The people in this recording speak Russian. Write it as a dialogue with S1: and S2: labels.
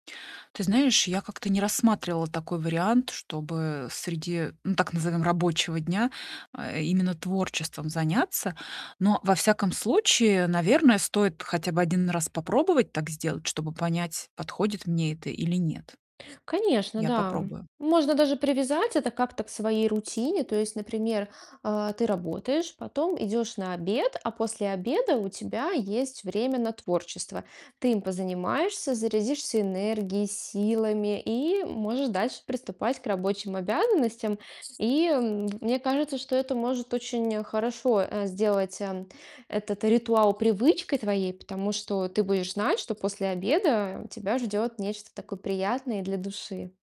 S1: Ты знаешь, я как-то не рассматривала такой вариант, чтобы среди, ну, так назовём, рабочего дня именно, э, творчеством заняться. Но, во всяком случае, наверное, стоит хотя бы один раз попробовать так сделать, чтобы понять, подходит мне это или нет.
S2: Конечно,
S1: Я
S2: да.
S1: попробую.
S2: Можно даже привязать это как-то к своей рутине. То есть, например, а, ты работаешь, потом идешь на обед, а после обеда у тебя есть время на творчество. Ты им позанимаешься, зарядишься энергией, силами и можешь дальше приступать к рабочим обязанностям. И, м, мне кажется, что это может очень хорошо, э, сделать, э, этот ритуал привычкой твоей. Потому что ты будешь знать, что после обеда тебя ждет нечто такое приятное и для души.